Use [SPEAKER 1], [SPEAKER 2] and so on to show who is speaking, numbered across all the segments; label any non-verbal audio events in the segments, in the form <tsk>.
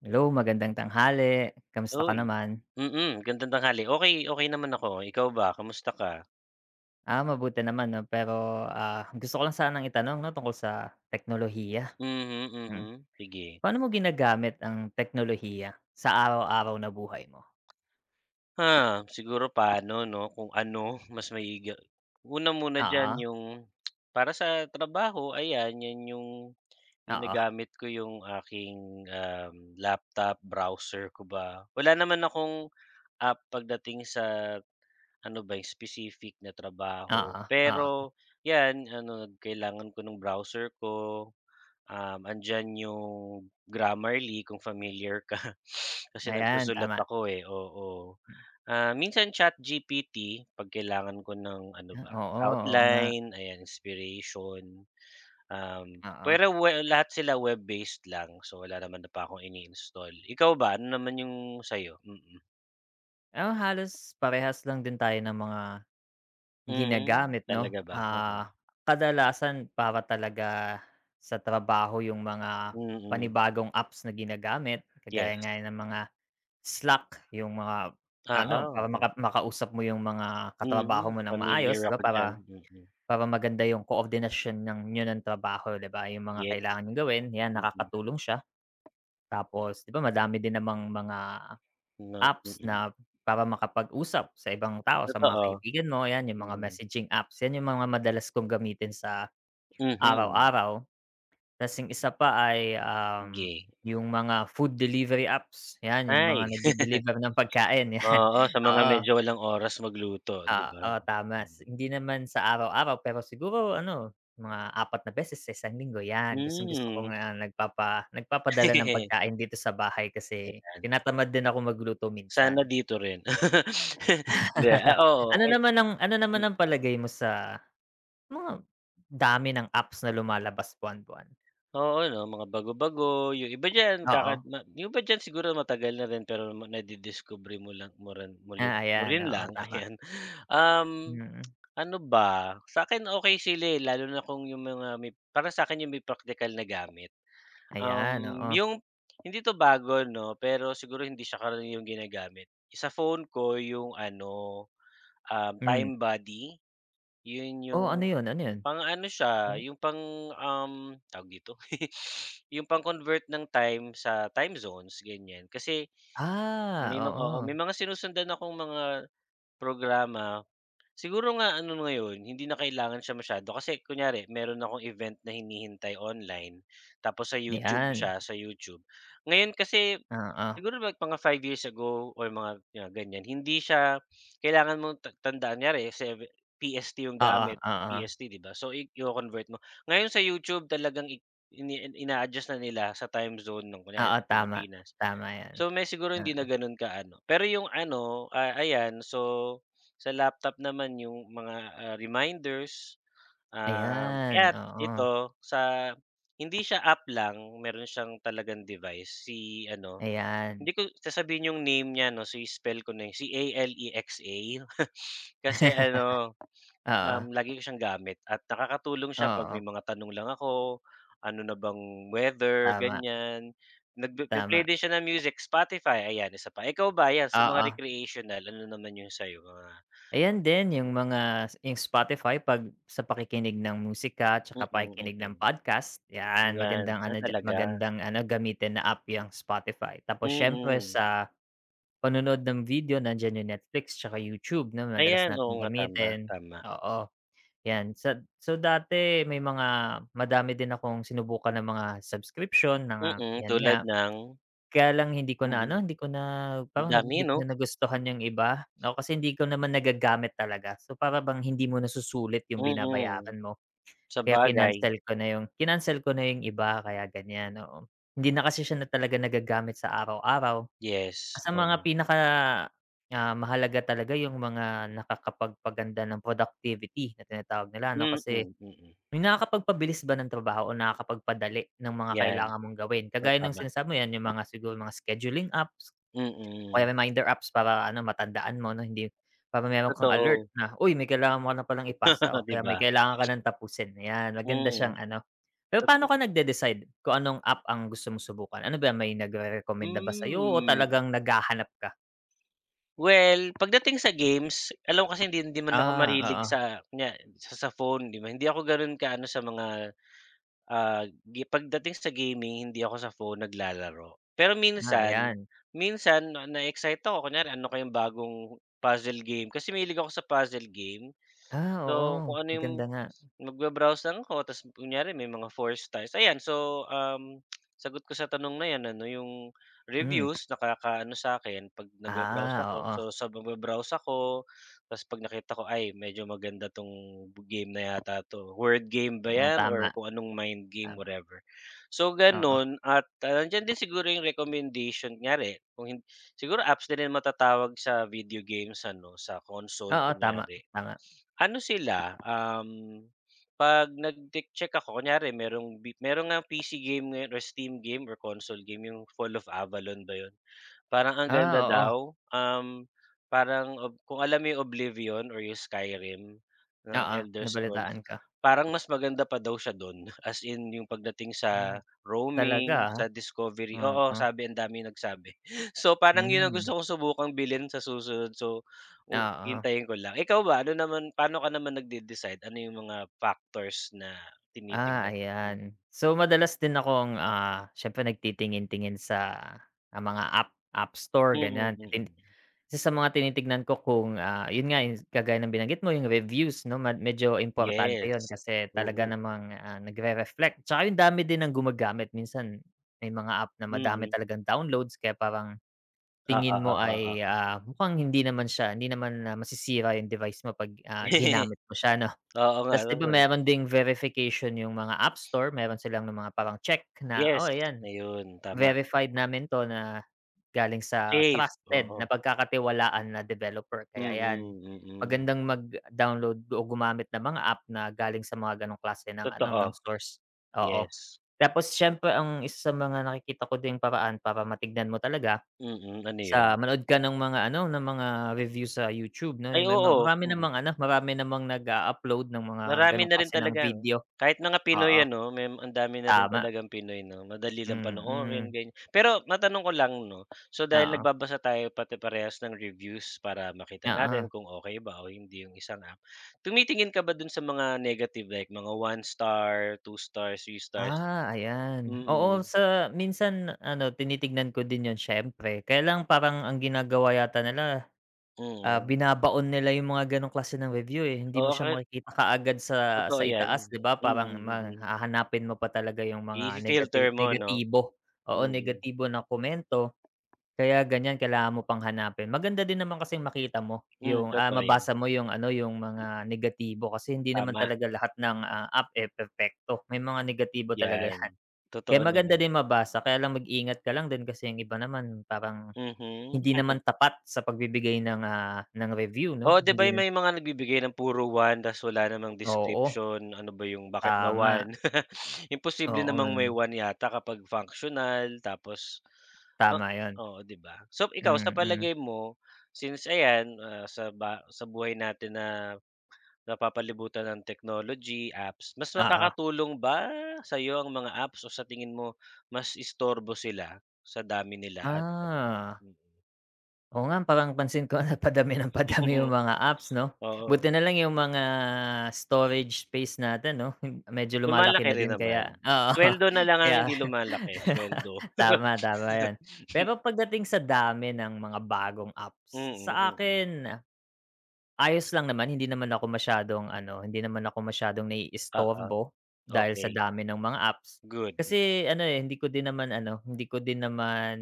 [SPEAKER 1] Hello, magandang tanghali, kamusta ka
[SPEAKER 2] Uy,
[SPEAKER 1] naman?
[SPEAKER 2] mm, gandang tanghali, okey, okey naman ako ikaw ba, kumusta ka
[SPEAKER 1] Ah, mabuti naman, 'no pero, ah, gusto ko lang sanang itanong, 'no, tungkol sa teknolohiya.
[SPEAKER 2] Mm,
[SPEAKER 1] Mm,
[SPEAKER 2] mhm, sige.
[SPEAKER 1] paano mo ginagamit ang teknolohiya sa araw-araw na buhay mo?
[SPEAKER 2] Ah, siguro paano, 'no, kung ano, mas maigi una muna diyan
[SPEAKER 1] Oo.
[SPEAKER 2] yung para sa trabaho ayan, yan yung
[SPEAKER 1] Oo.
[SPEAKER 2] ginagamit ko yung aking, um, laptop, browser ko ba, wala naman akong, ah, pagdating sa ano ba specific na trabaho
[SPEAKER 1] Oo, oo.
[SPEAKER 2] pero, 'yan, ano kailangan ko nung browser ko, um, andiyan yung Grammarly kung familiar ka. <sniffs> Kasi
[SPEAKER 1] Ayan,
[SPEAKER 2] nagsusulat
[SPEAKER 1] tama.
[SPEAKER 2] ako eh, oo. Ah, minsan ChatGPT, 'pag kailangan ko ng ano
[SPEAKER 1] Ah,
[SPEAKER 2] ba,
[SPEAKER 1] oo, oo nga.
[SPEAKER 2] outline ayan inspiration. Um,
[SPEAKER 1] Oo.
[SPEAKER 2] pero well lahat sila web-based lang, so, wala naman na pa akong ini-install, ikaw ba ano naman yung sa 'yo? Mm.
[SPEAKER 1] Ah, halos parehas lang din tayo ng mga
[SPEAKER 2] Hmm,
[SPEAKER 1] ginagamit 'no,
[SPEAKER 2] talaga ba?
[SPEAKER 1] ah,
[SPEAKER 2] Oo.
[SPEAKER 1] kadalasan para talaga sa trabaho yung mga
[SPEAKER 2] Mm.
[SPEAKER 1] panibagong apps na ginagamit, kagaya
[SPEAKER 2] Yes.
[SPEAKER 1] nga 'yan ng mga Slack yung mga ano,
[SPEAKER 2] Oo,
[SPEAKER 1] para
[SPEAKER 2] oh.
[SPEAKER 1] makap makausap mo yung mga katrabaho
[SPEAKER 2] Mhm,
[SPEAKER 1] mo ng
[SPEAKER 2] pamilyar
[SPEAKER 1] maayos 'di ba
[SPEAKER 2] ako
[SPEAKER 1] para
[SPEAKER 2] d'yan, mm.
[SPEAKER 1] para maganda yung koordinasyon ng niyo ng trabaho 'di ba, yung mga
[SPEAKER 2] Ye
[SPEAKER 1] kailangan niyong gawin, 'yan
[SPEAKER 2] mm.
[SPEAKER 1] nakakatulong siya. Tapos 'di ba madami din namang mga
[SPEAKER 2] Nang
[SPEAKER 1] apps
[SPEAKER 2] mm.
[SPEAKER 1] na para makapag-usap sa ibang tao sa mga
[SPEAKER 2] Totoo,
[SPEAKER 1] kaibigan mo, 'yan yung mga
[SPEAKER 2] mm.
[SPEAKER 1] messaging apps, 'yan yung mga madalas kong gamitin sa
[SPEAKER 2] Mhm.
[SPEAKER 1] araw-araw. 'Tapos yung isa pa ay, um
[SPEAKER 2] Ge.
[SPEAKER 1] yung mga food delivery apps, 'yan yung
[SPEAKER 2] Ay,
[SPEAKER 1] mga nag-de-deliver ng
[SPEAKER 2] <chuckles>
[SPEAKER 1] pagkain 'yan,
[SPEAKER 2] oo, sa mga
[SPEAKER 1] oo.
[SPEAKER 2] medyo walang oras magluto ,'di
[SPEAKER 1] Ah,
[SPEAKER 2] ba?
[SPEAKER 1] oh, tama hindi naman sa araw-araw pero siguro ano, mga 4 na beses sa 1 linggo 'yan, gustong-gusto ko
[SPEAKER 2] Mhm.
[SPEAKER 1] nga nagpapa nagpapadala ng
[SPEAKER 2] <chuckles>
[SPEAKER 1] pagkain dito sa bahay kasi
[SPEAKER 2] Ayan.
[SPEAKER 1] tinatamad din akong magluto
[SPEAKER 2] Sana
[SPEAKER 1] minsan.
[SPEAKER 2] dito rin, <laughs> hindi, ah,
[SPEAKER 1] <chuckles>
[SPEAKER 2] oo,
[SPEAKER 1] Ano
[SPEAKER 2] ay
[SPEAKER 1] naman ang ano naman ang palagay mo sa mga dami ng apps na lumalabas buwan-buwan?
[SPEAKER 2] Oo 'no, mga bago-bago, yung iba diyan kakad
[SPEAKER 1] Oo.
[SPEAKER 2] na yung iba diyan siguro matagal na rin pero ma nadidiskubre mo lang, mo ran mo lin
[SPEAKER 1] Ah,
[SPEAKER 2] mo
[SPEAKER 1] ayan,
[SPEAKER 2] rin
[SPEAKER 1] oo
[SPEAKER 2] lang,
[SPEAKER 1] tama.
[SPEAKER 2] ayan. Um, <tsk>
[SPEAKER 1] Mm.
[SPEAKER 2] ano ba? Sa akin okey sila eh, lalo na kung 'yong mga may parang sa akin 'yong may praktikal na gamit.
[SPEAKER 1] Ayan,
[SPEAKER 2] Um,
[SPEAKER 1] oo.
[SPEAKER 2] 'yong hindi 'to bago 'no, pero siguro hindi siya karaniwang ginagamit. Sa phone ko 'yong ano, um,
[SPEAKER 1] Hmm.
[SPEAKER 2] Time Buddy. Yun
[SPEAKER 1] Oh,
[SPEAKER 2] 'yong
[SPEAKER 1] ano yun, ano yun?
[SPEAKER 2] pang ano siya
[SPEAKER 1] Hmm
[SPEAKER 2] yung pang, um, tawag dito <giggles> yung pang-convert ng time sa time zones ganyan. Kasi
[SPEAKER 1] Ah,
[SPEAKER 2] may mga oo,
[SPEAKER 1] oo.
[SPEAKER 2] may mga sinusundan akong mga programa, siguro nga ano ngayon hindi na kailangan siya masyado kasi kunyari, meron akong event na hinihintay online tapos sa YouTube
[SPEAKER 1] Ayan.
[SPEAKER 2] siya, sa YouTube. Ngayon kasi
[SPEAKER 1] Oo.
[SPEAKER 2] siguro like mga 5 years ago, or mga 'yan ganyan, hindi siya kailangan mong ta tandaan, kunyari sa PST yung
[SPEAKER 1] Oo,
[SPEAKER 2] gamit,
[SPEAKER 1] oo.
[SPEAKER 2] PST 'di ba, so iko-convert mo. Ngayon sa YouTube talagang i ini ina-adjust na nila sa time zone ng kunyari
[SPEAKER 1] Oo
[SPEAKER 2] sa
[SPEAKER 1] tama,
[SPEAKER 2] Pilipinas.
[SPEAKER 1] tama 'yan.
[SPEAKER 2] So may siguro hindi na
[SPEAKER 1] Oo.
[SPEAKER 2] gano'n kaano, pero yung ano, ah, ayan so sa laptop naman yung mga, ah, reminders, ah,
[SPEAKER 1] Ayan,
[SPEAKER 2] at
[SPEAKER 1] oo.
[SPEAKER 2] ito sa hindi siya app lang meron siyang talagang device si ano,
[SPEAKER 1] Ayan.
[SPEAKER 2] hindi ko sasabihin yung name niya ano si-spell ko na si A-L-E-X-A. <chuckles> Kasi ano,
[SPEAKER 1] <chuckles> Oo.
[SPEAKER 2] um lagi ko siyang gamit at nakakatulong siya 'pag
[SPEAKER 1] Oo.
[SPEAKER 2] may mga tanong lang ako, ano na bang weather
[SPEAKER 1] Tama.
[SPEAKER 2] ganyan, nagpipi-play
[SPEAKER 1] Tama.
[SPEAKER 2] din siya ng music Spotify ayan, isa pa. Ikaw ba 'yan sa mga
[SPEAKER 1] Oo.
[SPEAKER 2] recreational ano naman yung sa iyo mga
[SPEAKER 1] Ayan din yung
[SPEAKER 2] mm.
[SPEAKER 1] mga, si yung Spotify 'pag sa pakikinig ng musika, 'tsaka
[SPEAKER 2] Mm,
[SPEAKER 1] pakikinig ng
[SPEAKER 2] mm,
[SPEAKER 1] podcast, 'yan
[SPEAKER 2] 'yan,
[SPEAKER 1] magandang
[SPEAKER 2] ah,
[SPEAKER 1] ano diya
[SPEAKER 2] talaga?
[SPEAKER 1] magandang ano gamitin na app 'yang Spotify. Tapos siyempre
[SPEAKER 2] Mm.
[SPEAKER 1] sa panonood ng video, nandiyan yung Netflix tsaka YouTube 'no, madalas
[SPEAKER 2] Ayan oo
[SPEAKER 1] nating
[SPEAKER 2] nga, tama,
[SPEAKER 1] gamitin,
[SPEAKER 2] tama.
[SPEAKER 1] oo. 'Yan sad so, dati may mga madami din akong sinubukan na mga subscription na nga
[SPEAKER 2] Mm,
[SPEAKER 1] 'yan nga,
[SPEAKER 2] tulad ng?
[SPEAKER 1] kaya lang hindi ko na
[SPEAKER 2] Mm,
[SPEAKER 1] ano, hindi ko na,
[SPEAKER 2] ang
[SPEAKER 1] parang nag
[SPEAKER 2] dami
[SPEAKER 1] hindi
[SPEAKER 2] 'no.
[SPEAKER 1] ko na nagustuhan yung iba. Oo, kasi hindi ko naman nagagamit talaga, so para bang hindi mo nasusulit yung
[SPEAKER 2] Mm,
[SPEAKER 1] binabayaran mo, kaya
[SPEAKER 2] sabagay.
[SPEAKER 1] kinancel ko na yung kinancel ko na yung iba kaya ganyan, oo. Hindi na kasi siya na talaga nagagamit sa araw-araw.
[SPEAKER 2] Yes,
[SPEAKER 1] Sa mga
[SPEAKER 2] oo.
[SPEAKER 1] pinaka, ah, mahalaga talaga yung mga nakakapagpaganda ng productivity na tinatawag nila ano,
[SPEAKER 2] Mm,
[SPEAKER 1] kasi
[SPEAKER 2] mm.
[SPEAKER 1] yung nakakapagpabilis ba ng trabaho o nakakapagpadali ng mga
[SPEAKER 2] 'Yan,
[SPEAKER 1] kailangan mong gawin,
[SPEAKER 2] oh
[SPEAKER 1] kagaya ng
[SPEAKER 2] tama.
[SPEAKER 1] sinasabi mo 'yan yung mga siguro mga scheduling apps, o kaya
[SPEAKER 2] Mm.
[SPEAKER 1] reminder apps para ano matandaan mo 'no hindi para meron kang alert
[SPEAKER 2] Totoo.
[SPEAKER 1] na, "Uy may kailangan mo na palang ipasa, o
[SPEAKER 2] <chuckles> 'Di
[SPEAKER 1] kaya may
[SPEAKER 2] ba?
[SPEAKER 1] kailangan ka ng tapusin." Ayan, maganda siyang
[SPEAKER 2] Mhm,
[SPEAKER 1] ano. Pero paano
[SPEAKER 2] tot
[SPEAKER 1] ka nag-de-decide kung anong app ang gusto mong subukan? Ano ba 'yan may nagrerekomenda ba sayo o
[SPEAKER 2] Hmm.
[SPEAKER 1] talagang naghahanap ka?
[SPEAKER 2] Well, pagdating sa games alam mo kasi hindi hindi man ako
[SPEAKER 1] Ah,
[SPEAKER 2] mahilig
[SPEAKER 1] oo.
[SPEAKER 2] sa kunya sa sa phone 'di ba? Hindi ako ganon ka-ano sa mga, ah, gi pagdating sa gaming hindi ako sa phone naglalaro. Pero
[SPEAKER 1] Ah,
[SPEAKER 2] minsan
[SPEAKER 1] ayan.
[SPEAKER 2] minsan 'no na-eexcite akon kunyari ano kayong bagong puzzle game, kasi mahilig ako sa puzzle game.
[SPEAKER 1] Ah,
[SPEAKER 2] So,
[SPEAKER 1] oo,
[SPEAKER 2] kung ano yung
[SPEAKER 1] maganda nga.
[SPEAKER 2] mag-ba-browse lang ako 'tas kunyari may mga 4 stars ayan, so, um sagot ko sa tanong na yan anon yung
[SPEAKER 1] Hmm.
[SPEAKER 2] reviews nakakaano sa 'kin 'pag nag-ba-browse
[SPEAKER 1] Ah,
[SPEAKER 2] ako,
[SPEAKER 1] oo.
[SPEAKER 2] so sa mag-ba-browse ako tapos 'pag nakita ko, "Ay medyo maganda 'tong game na yata 'to." Word game ba
[SPEAKER 1] Ah,
[SPEAKER 2] yan,
[SPEAKER 1] tama.
[SPEAKER 2] or kung anong mind game,
[SPEAKER 1] Tama.
[SPEAKER 2] whatever. So
[SPEAKER 1] Oo.
[SPEAKER 2] gano'n at, ah, nandiyan din siguro yung recommendation, kunyari kung hin siguro apps na rin matatawag sa video games ano, sa console
[SPEAKER 1] Oo, tama,
[SPEAKER 2] kunyari.
[SPEAKER 1] tama.
[SPEAKER 2] Ano sila, um 'pag nag-ti-check ako, kunyari merong bi meron ngang PC game or Steam game or console game yung Fall of Avalon ba yun? Parang ang
[SPEAKER 1] Ah,
[SPEAKER 2] ganda
[SPEAKER 1] oo.
[SPEAKER 2] daw, um, parang ob kung alam mo yung Oblivion or yung Skyrim ng
[SPEAKER 1] Oo,
[SPEAKER 2] Elder Scrolls,
[SPEAKER 1] nabalitaan ko.
[SPEAKER 2] parang mas maganda pa daw siya dun, as in yung pagdating
[SPEAKER 1] Ah,
[SPEAKER 2] sa
[SPEAKER 1] talaga
[SPEAKER 2] roaming,
[SPEAKER 1] ah,
[SPEAKER 2] sa discovery, oo,
[SPEAKER 1] oo.
[SPEAKER 2] sabi ang daming nagsabi. So parang yun ang
[SPEAKER 1] Hmm.
[SPEAKER 2] gusto kong subukang bilhin sa susunod so oh
[SPEAKER 1] Oo.
[SPEAKER 2] hintayin ko lang. Ikaw ba ano naman paano ka naman nag-de-decide, ano yung mga factors na
[SPEAKER 1] Ah,
[SPEAKER 2] tinitingnan, mm?
[SPEAKER 1] ayan. So, madalas din akong, ah, siyempre nagtitingin tingin sa, ah, mga app App Store
[SPEAKER 2] Mm,
[SPEAKER 1] ganyan titing
[SPEAKER 2] mm.
[SPEAKER 1] isa mga tinitingnan ko kung, ah, yun nga kagaya ng binanggit mo yung reviews 'no, mad medyo importante yun
[SPEAKER 2] Yes,
[SPEAKER 1] kasi talaga
[SPEAKER 2] oo.
[SPEAKER 1] namang, ah, nag-re-reflect. 'Tsaka yung dami din ng gumagamit minsan may mga app na madami
[SPEAKER 2] Mm.
[SPEAKER 1] talagang downloads kaya parang
[SPEAKER 2] Oo,
[SPEAKER 1] tingin mo
[SPEAKER 2] oo,
[SPEAKER 1] ay,
[SPEAKER 2] oo.
[SPEAKER 1] ah, mukhang hindi naman siya hindi naman masisira yung device mo 'pag, ah,
[SPEAKER 2] <chuckles>
[SPEAKER 1] ginamit mo siya 'no.
[SPEAKER 2] Oo nga
[SPEAKER 1] 'Tas 'di ba
[SPEAKER 2] naman.
[SPEAKER 1] meron ding verification yung mga app store, meron silang nung mga parang check na
[SPEAKER 2] Yes,
[SPEAKER 1] oo ayan
[SPEAKER 2] ayun tama.
[SPEAKER 1] verified namin 'to na galing sa
[SPEAKER 2] Safe,
[SPEAKER 1] trusted
[SPEAKER 2] oo.
[SPEAKER 1] napagkakatiwalaan na developer kaya 'yan
[SPEAKER 2] Mm, mm.
[SPEAKER 1] magandang mag-download o gumamit ng mga app na galing sa mga ganong klase ng ano, ng
[SPEAKER 2] Totoo,
[SPEAKER 1] stores, oo.
[SPEAKER 2] yes.
[SPEAKER 1] Tapos siyempre ang isa sa mga nakikita ko din paraan para matignan mo talaga
[SPEAKER 2] Mm, ano yun?
[SPEAKER 1] sa manood ka ng mga ano, ng mga review sa YouTube 'no,
[SPEAKER 2] Ay
[SPEAKER 1] yung may mga
[SPEAKER 2] oo,
[SPEAKER 1] marami
[SPEAKER 2] mm.
[SPEAKER 1] namang ano, marami namang nag-a-upload ng mga
[SPEAKER 2] Marami
[SPEAKER 1] ganong
[SPEAKER 2] na rin
[SPEAKER 1] klase ng
[SPEAKER 2] talagang
[SPEAKER 1] video,
[SPEAKER 2] kahit mga Pinoy
[SPEAKER 1] oo,
[SPEAKER 2] ano, may ang dami na rin
[SPEAKER 1] tama.
[SPEAKER 2] talagang Pinoy 'no, madali lang
[SPEAKER 1] Mm.
[SPEAKER 2] panoorin ganyan. Pero matanong ko lang 'no, so dahil
[SPEAKER 1] Oo.
[SPEAKER 2] nagbabasa tayo pati parehas ng reviews, para makita natin
[SPEAKER 1] Oo.
[SPEAKER 2] kung okey ba o hindi yung isang app, tumitingin ka ba dun sa mga negative, like mga 1 star, 2 stars, 3 stars?
[SPEAKER 1] Ah, ayan, oo
[SPEAKER 2] Mm.
[SPEAKER 1] sa minsan ano tinitignan ko din yun siyempre, kaya lang parang ang ginagawa yata nila, ah,
[SPEAKER 2] Mm.
[SPEAKER 1] binabaon nila yung mga ganong klase ng review eh, hindi mo
[SPEAKER 2] Oo
[SPEAKER 1] siya
[SPEAKER 2] kahit
[SPEAKER 1] makikita kaagad sa
[SPEAKER 2] Totoo
[SPEAKER 1] sa itaas
[SPEAKER 2] 'yan,
[SPEAKER 1] 'di ba
[SPEAKER 2] mm,
[SPEAKER 1] parang ma
[SPEAKER 2] mm.
[SPEAKER 1] hahanapin mo pa talaga yung mga negative
[SPEAKER 2] I-fi-filter mo ano,
[SPEAKER 1] negatibo, oo
[SPEAKER 2] mm.
[SPEAKER 1] negatibo na komento. Kaya ganyan kailangan mo pang hanapin, maganda din naman kasing makita mo
[SPEAKER 2] Hmm,
[SPEAKER 1] yung, ah,
[SPEAKER 2] totoo 'yan.
[SPEAKER 1] mabasa mo yung ano, yung mga negatibo kasi hindi naman
[SPEAKER 2] Tama.
[SPEAKER 1] talaga lahat ng, ah, app eh, perpekto, may mga negatibo talaga 'yan.
[SPEAKER 2] 'Yan,
[SPEAKER 1] Kaya
[SPEAKER 2] totoo
[SPEAKER 1] maganda
[SPEAKER 2] naman.
[SPEAKER 1] din mabasa kaya lang mag-ingat ka lang din kasi yung iba naman parang
[SPEAKER 2] Mhm.
[SPEAKER 1] hindi
[SPEAKER 2] <chuckles>
[SPEAKER 1] naman tapat sa pagbibigay ng, ah, ng review 'no,
[SPEAKER 2] Oo, 'di ba
[SPEAKER 1] hindi
[SPEAKER 2] may mga nagbibigay ng puro 1 tapos wala namang
[SPEAKER 1] Oo.
[SPEAKER 2] description, ano ba 'yong bakit ba
[SPEAKER 1] Tama.
[SPEAKER 2] 1? <laughs> Imposible
[SPEAKER 1] Oo,
[SPEAKER 2] namang may
[SPEAKER 1] hmm.
[SPEAKER 2] 1 yata kapag functional, tapos oh
[SPEAKER 1] Tama 'yon,
[SPEAKER 2] oo 'di ba. So ikaw sa
[SPEAKER 1] mm.
[SPEAKER 2] palagay mo, since ayan, ah, sa ba sa buhay natin na napapalibutan ng technology, apps, mas
[SPEAKER 1] Oo.
[SPEAKER 2] makakatulong ba sa 'yo ang mga apps, o sa tingin mo mas istorbo sila sa dami nila at ano?
[SPEAKER 1] Ah.
[SPEAKER 2] Mm.
[SPEAKER 1] Oo nga parang pansin ko na padami ng padami 'yong
[SPEAKER 2] <chuckles>
[SPEAKER 1] mga apps 'no.
[SPEAKER 2] Oo.
[SPEAKER 1] Buti nalang 'yong mga storage space natin 'no, medyo lumalaki
[SPEAKER 2] Lumalaki
[SPEAKER 1] na
[SPEAKER 2] rin
[SPEAKER 1] din kaya
[SPEAKER 2] naman.
[SPEAKER 1] oo
[SPEAKER 2] Sweldo nalang ang
[SPEAKER 1] kaya.
[SPEAKER 2] hindi lumalaki, sweldo.
[SPEAKER 1] <laughs> Tama, tama 'yon.
[SPEAKER 2] <laughs>
[SPEAKER 1] Pero pagdating sa dami ng mga bagong apps,
[SPEAKER 2] Mm, mm.
[SPEAKER 1] saakin ayos lang naman hindi naman ako masyadong ano hindi naman ako masyadong
[SPEAKER 2] Oo,
[SPEAKER 1] naiistorbo, dahil sa
[SPEAKER 2] okey.
[SPEAKER 1] dami ng mga apps.
[SPEAKER 2] Good.
[SPEAKER 1] Kasi ano eh, hindi ko din naman ano hindi ko din naman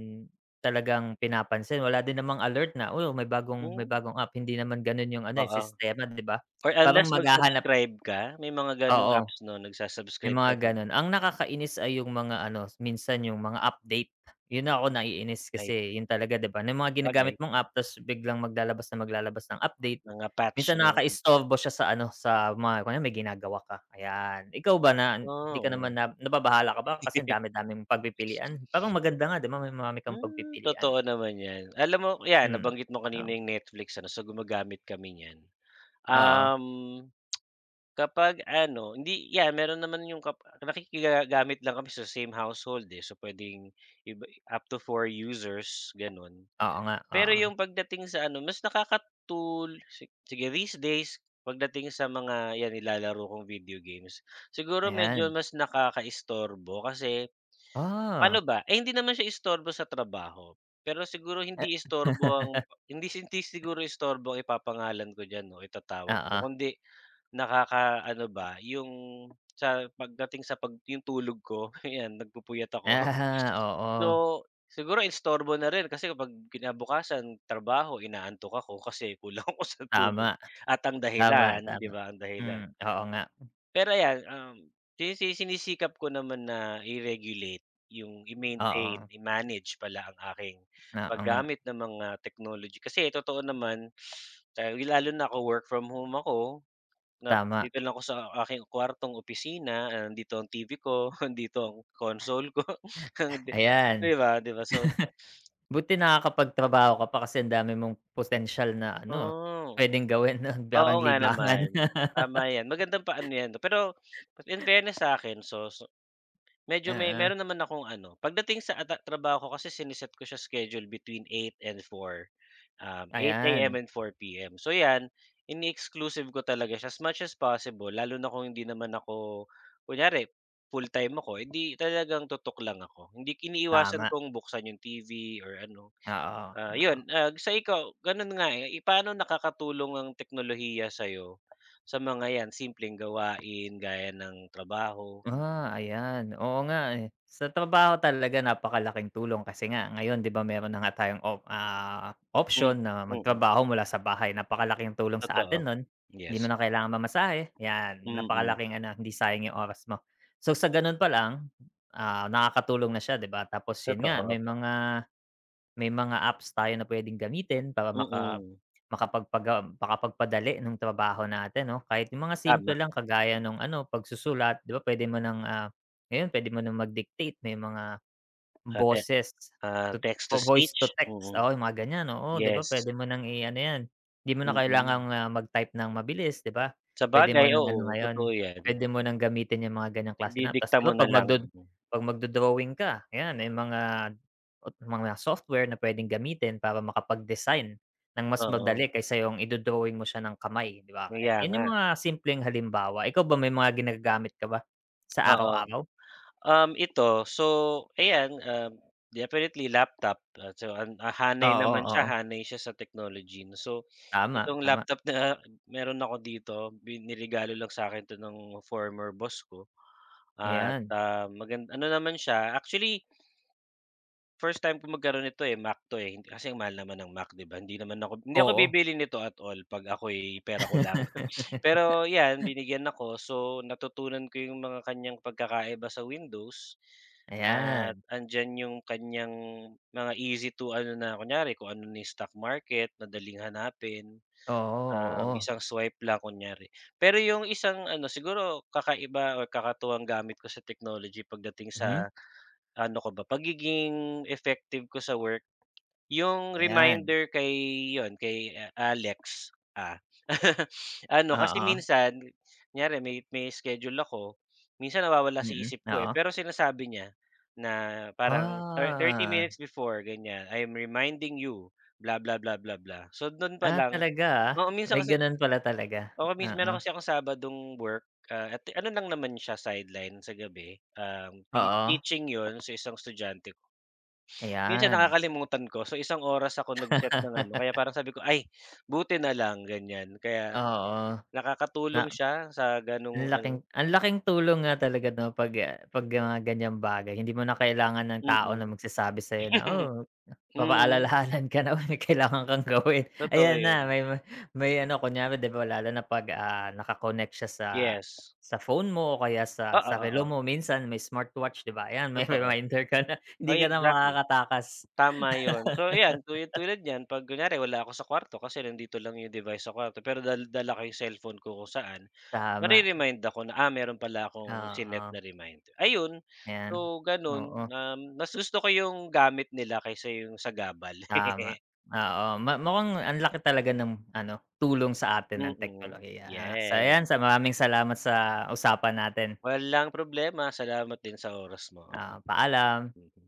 [SPEAKER 1] talagang pinapansin, wala din namang alert na, oh, may bagong may
[SPEAKER 2] Hmm.
[SPEAKER 1] bagong app, hindi naman gano'n 'yong ano eh,
[SPEAKER 2] Oo,
[SPEAKER 1] sistema 'di ba.
[SPEAKER 2] or
[SPEAKER 1] Parang
[SPEAKER 2] unless mag
[SPEAKER 1] maghahanap
[SPEAKER 2] subscribe ka, may mga gano'ng
[SPEAKER 1] Oo,
[SPEAKER 2] apps 'no
[SPEAKER 1] may
[SPEAKER 2] nagsusubscribe
[SPEAKER 1] mga
[SPEAKER 2] ka pag
[SPEAKER 1] gano'n. Ang nakakainis ay 'yong mga ano, minsan 'yong mga update, 'yon na ako naiinis
[SPEAKER 2] Ay,
[SPEAKER 1] kasi 'yon
[SPEAKER 2] oo.
[SPEAKER 1] talaga 'di ba. Kung ano 'yung mga ginagamit
[SPEAKER 2] Bagay.
[SPEAKER 1] mong app, 'tas biglang maglalabas ng maglalabas ng update.
[SPEAKER 2] Mga patch
[SPEAKER 1] Minsan
[SPEAKER 2] 'no, mm.
[SPEAKER 1] nakakaistorbo siya sa ano sa mga kunwari may ginagawa ka ayan, ikaw ba? Na hindi
[SPEAKER 2] Ah,
[SPEAKER 1] ka naman
[SPEAKER 2] oh.
[SPEAKER 1] na nababahala ka ba, kasi ang dami-daming pagpipilian. Parang
[SPEAKER 2] <laughs>
[SPEAKER 1] maganda nga 'di ba, may marami kang
[SPEAKER 2] Hmm
[SPEAKER 1] pagpipilian.
[SPEAKER 2] totoo naman 'yan. Alam mo, 'yan
[SPEAKER 1] Hmm,
[SPEAKER 2] nabanggit mo
[SPEAKER 1] oo.
[SPEAKER 2] kanina 'yong Netflix ano, so, gumagamit kami n'yan.
[SPEAKER 1] Oo.
[SPEAKER 2] Um, <tsk> kapag ano hindi yan, meron naman 'yong kap nakikiga gamit lang kami sa same household, eh, so pwedeng iba up to 4 users, ganon.
[SPEAKER 1] Oo nga,
[SPEAKER 2] Pero
[SPEAKER 1] oo.
[SPEAKER 2] 'yong pagdating sa ano, mas nakakatul si sige, these days pagdating sa mga 'yan sa mga nilalaro kong video games, siguro medyo
[SPEAKER 1] Ayan.
[SPEAKER 2] mas nakakaistorbo kasi, pa'no
[SPEAKER 1] Ah.
[SPEAKER 2] ba, eh hindi naman siya istorbo sa trabaho. Pero siguro
[SPEAKER 1] Eh.
[SPEAKER 2] hindi istorbo ang hindi hindi
[SPEAKER 1] <laughs>
[SPEAKER 2] siguro istorbo ang ipapangalan ko diyan o itatawag ko,
[SPEAKER 1] Oo.
[SPEAKER 2] kundi nakakaano ba, 'yong sa pagdating sa pag 'yong tulog ko 'yan nagpupuyat ako.
[SPEAKER 1] <chuckles>
[SPEAKER 2] So,
[SPEAKER 1] Oo.
[SPEAKER 2] siguro istorbo na rin kasi kapag kinabukasan trabaho, inaantok ako kasi kulang ako sa tulog
[SPEAKER 1] Tama,
[SPEAKER 2] at ang
[SPEAKER 1] tama,
[SPEAKER 2] dahilan 'di
[SPEAKER 1] tama,
[SPEAKER 2] ba, ang dahilan.
[SPEAKER 1] hmm, oo nga.
[SPEAKER 2] Pero ayan um, sinisi sinisikap ko naman na i-regulate 'yong i-maintain,
[SPEAKER 1] Oo.
[SPEAKER 2] i-manage pala ang aking
[SPEAKER 1] Oo nga.
[SPEAKER 2] paggamit ng mga technology, kasi totoo naman, lalo na ako, work from home ako, na
[SPEAKER 1] Tama.
[SPEAKER 2] dito lang ako sa aking kuwartong opisina, nandito ang TV ko, nandito ang console ko, <chuckles> <sniffs> ang
[SPEAKER 1] <chuckles>
[SPEAKER 2] de 'di
[SPEAKER 1] Ayan,
[SPEAKER 2] ba, 'di ba so <sniffs>
[SPEAKER 1] <chuckles> 'buti nakakapagtrabaho ka pa, kasi ang dami mong potensyal na ano
[SPEAKER 2] Oh,
[SPEAKER 1] pwedeng gawin
[SPEAKER 2] oo
[SPEAKER 1] parang
[SPEAKER 2] nga
[SPEAKER 1] libangan.
[SPEAKER 2] naman, tama 'yan magandang paano 'yan, pero in
[SPEAKER 1] <laughs>
[SPEAKER 2] fairness sa'kin, so so medyo may
[SPEAKER 1] Oo.
[SPEAKER 2] meron naman akong ano pagdating sa ah, ta trabaho ko kasi sine-set ko sa schedule between 8 and 4 um, 8AM
[SPEAKER 1] Ayan.
[SPEAKER 2] and 4PM so 'yan, ine-exclusive ko talaga siya, as much as possible, lalo na kung hindi naman ako kunyari full-time ako eh, 'di talagang tutok lang ako. Hindi iniiwasan
[SPEAKER 1] Tama.
[SPEAKER 2] kong buksan 'yong TV or ano.
[SPEAKER 1] Oo,
[SPEAKER 2] Ah,
[SPEAKER 1] oo.
[SPEAKER 2] 'yon ah, so ikaw, gano'n nga eh, eh paano nakakatulong ang teknolohiya sayo sa mga 'yan, simpleng gawain gaya ng trabaho? Mm.
[SPEAKER 1] Ah, ayan, oo nga eh. Sa trabaho talaga napakalaking tulong kasi nga ngayon, 'di ba, meron na nga tayong op ah,
[SPEAKER 2] Hmm,
[SPEAKER 1] option na
[SPEAKER 2] mm.
[SPEAKER 1] magtrabaho mula sa bahay, napakalaking tulong sa atin
[SPEAKER 2] Totoo,
[SPEAKER 1] no'n. Hindi mo
[SPEAKER 2] yes.
[SPEAKER 1] na kailangang mamasahe, yan.
[SPEAKER 2] Mm.
[SPEAKER 1] Napakalaking ano hindi sayang 'yong oras mo. So, sa gano'n palang ah, nakakatulong na siya 'di ba, tapos 'yon
[SPEAKER 2] Totoo,
[SPEAKER 1] nga, may
[SPEAKER 2] opo.
[SPEAKER 1] mga may mga apps tayo na pwedeng gamitin para maka
[SPEAKER 2] Mm.
[SPEAKER 1] makapagpagam makapagpadali ng trabaho natin 'no. Kahit 'yong mga simple
[SPEAKER 2] Tama.
[SPEAKER 1] lang, kagaya no'ng ano pagsusulat 'di ba, pwede mo ng ah, ngayon pwede mo ng mag-dictate. May mga,
[SPEAKER 2] Ah, te
[SPEAKER 1] boses
[SPEAKER 2] ah,
[SPEAKER 1] <unintelligible>
[SPEAKER 2] text to
[SPEAKER 1] o voice
[SPEAKER 2] speech,
[SPEAKER 1] to text,
[SPEAKER 2] mm,
[SPEAKER 1] oo 'yong mga ganyan, oo 'di ba,
[SPEAKER 2] yes.
[SPEAKER 1] pwede mo ng i-ano yan, hindi mo na kailangan
[SPEAKER 2] Mm.
[SPEAKER 1] ah, magtype ng mabilis, 'di ba. Pwede mo
[SPEAKER 2] Sabagay
[SPEAKER 1] ng ano
[SPEAKER 2] oo,
[SPEAKER 1] ngayon
[SPEAKER 2] totoo 'yan.
[SPEAKER 1] pwede mo nang gamitin 'yong mga ganyang klase na app, 'tas
[SPEAKER 2] Ididikta
[SPEAKER 1] 'di
[SPEAKER 2] mo
[SPEAKER 1] ba, pag mag
[SPEAKER 2] nalang.
[SPEAKER 1] do pag mag-do-drawing ka, ayan may mga mga software na pwedeng gamitin para makapag-design ng mas
[SPEAKER 2] Oo.
[SPEAKER 1] madali, kaysa 'yong i-do-drawing mo siya ng kamay 'di ba. Kaya,
[SPEAKER 2] Kaya
[SPEAKER 1] 'yon 'yong
[SPEAKER 2] nga.
[SPEAKER 1] mga simpleng halimbawa, ikaw ba may mga ginagamit ka ba sa
[SPEAKER 2] Oo.
[SPEAKER 1] araw-araw?
[SPEAKER 2] Um, ito so ayan um, definitely laptop at so ah, hanay
[SPEAKER 1] Oo,
[SPEAKER 2] naman siya,
[SPEAKER 1] oo.
[SPEAKER 2] hanay siya sa technology 'no so,
[SPEAKER 1] Tama,
[SPEAKER 2] itong
[SPEAKER 1] tama.
[SPEAKER 2] laptop na meron ako dito, bin niregalo lang sakin ito ng former boss ko at
[SPEAKER 1] Ayan.
[SPEAKER 2] ah, magan ano naman siya actually, first time ko magkaroon nito eh, Mac 'to eh, kasi mahal naman ng Mac 'di ba, hindi naman ako hindi ako
[SPEAKER 1] Oo.
[SPEAKER 2] bibili nito at all pag ako'y, pera ko lang <chuckles> <sniffs> pero 'yan
[SPEAKER 1] <laughs>
[SPEAKER 2] binigyan ako so, natutunan ko 'yong mga kanyang pagkakaiba sa Windows at
[SPEAKER 1] Ayan.
[SPEAKER 2] nandyan 'yong kanyang mga easy to ano na kunyari, kung ano na 'yung stock market madaling hanapin,
[SPEAKER 1] Oo,
[SPEAKER 2] um,
[SPEAKER 1] oo.
[SPEAKER 2] isang swipe lang kunyari. Pero 'yong isang ano siguro kakaiba o kakatuwang gamit ko sa technology pagdating
[SPEAKER 1] Mhm.
[SPEAKER 2] sa ano ka ba pagiging effective ko sa work. 'Yong
[SPEAKER 1] Ayan.
[SPEAKER 2] reminder kay 'yon, kay Alex ah, <laughs> <sniffs> ano kasi
[SPEAKER 1] Oo.
[SPEAKER 2] minsan, kunyari may may schedule ako, minsan nawawala sa
[SPEAKER 1] Mm,
[SPEAKER 2] isip ko eh,
[SPEAKER 1] oo.
[SPEAKER 2] pero sinasabi niya na parang, 30
[SPEAKER 1] Ah.
[SPEAKER 2] minutes before ganyan, I'm reminding you blah, blah, blah, blah, blah, so do'n pa
[SPEAKER 1] Ah,
[SPEAKER 2] lang
[SPEAKER 1] talaga ah,
[SPEAKER 2] oo minsan
[SPEAKER 1] may
[SPEAKER 2] kasi
[SPEAKER 1] gano'n pala talaga.
[SPEAKER 2] oo mins meron
[SPEAKER 1] Oo.
[SPEAKER 2] kasi akong Sabadong work ah, at ano lang naman siya sideline sa gabi, um, tea
[SPEAKER 1] Oo.
[SPEAKER 2] teaching 'yon sa isang estudyante ko. <sniffs> Minsan
[SPEAKER 1] Ayan.
[SPEAKER 2] nakakalimutan ko so, isang oras ako nag set ng ano, kaya
[SPEAKER 1] <laughs>
[SPEAKER 2] parang sabi ko ay, buti nalang ganyan kaya,
[SPEAKER 1] Oo, na
[SPEAKER 2] nakakatulong siya sa
[SPEAKER 1] ang
[SPEAKER 2] gano'ng
[SPEAKER 1] laking
[SPEAKER 2] ano
[SPEAKER 1] ang laking tulong nga talaga 'no pag ah, pag mga ganyang bagay. Hindi mo na kailangan ng tao na
[SPEAKER 2] Mm.
[SPEAKER 1] magsasabi sayo na,
[SPEAKER 2] <chuckles>
[SPEAKER 1] oh,
[SPEAKER 2] Mhm.
[SPEAKER 1] papaalalahanan ka na may kailangan kang gawin,
[SPEAKER 2] Totoo
[SPEAKER 1] ayan na,
[SPEAKER 2] 'yon.
[SPEAKER 1] may may ano kunyare 'di ba, lalo na pag ah, naka-connect siya sa
[SPEAKER 2] Yes.
[SPEAKER 1] sa phone mo o kaya sa
[SPEAKER 2] Oo,
[SPEAKER 1] sa relo
[SPEAKER 2] oo.
[SPEAKER 1] mo minsan, may smartwatch 'di ba, ayan, may
[SPEAKER 2] Totoo,
[SPEAKER 1] reminder ka na hindi
[SPEAKER 2] ay,
[SPEAKER 1] ka na
[SPEAKER 2] exactly.
[SPEAKER 1] makakatakas.
[SPEAKER 2] Tama 'yon so, 'yan tul
[SPEAKER 1] <laughs>
[SPEAKER 2] tulad niyan 'pag kunyari wala ako sa kuwarto kasi nandito lang 'yong device sa kuwarto pero dal dala ko 'yong cellphone ko kung saan,
[SPEAKER 1] Tama.
[SPEAKER 2] ma-re-remind ako na ah, meron pala akong sinet na
[SPEAKER 1] Oo.
[SPEAKER 2] reminder. Ayon,
[SPEAKER 1] Ayan,
[SPEAKER 2] so, gano'n,
[SPEAKER 1] oo.
[SPEAKER 2] um, mas gusto ko 'yong gamit nila kaysa 'yong sagabal.
[SPEAKER 1] Tama
[SPEAKER 2] <laughs>
[SPEAKER 1] oo, ma mukhang ang laki talaga ng ano, tulong sa atin ng
[SPEAKER 2] Mhm,
[SPEAKER 1] teknolohiya ah, so, 'yan
[SPEAKER 2] 'yan.
[SPEAKER 1] sa maraming salamat sa usapan natin.
[SPEAKER 2] Walang problema, salamat din sa oras mo, oo.
[SPEAKER 1] Ah, paalam.
[SPEAKER 2] Mm.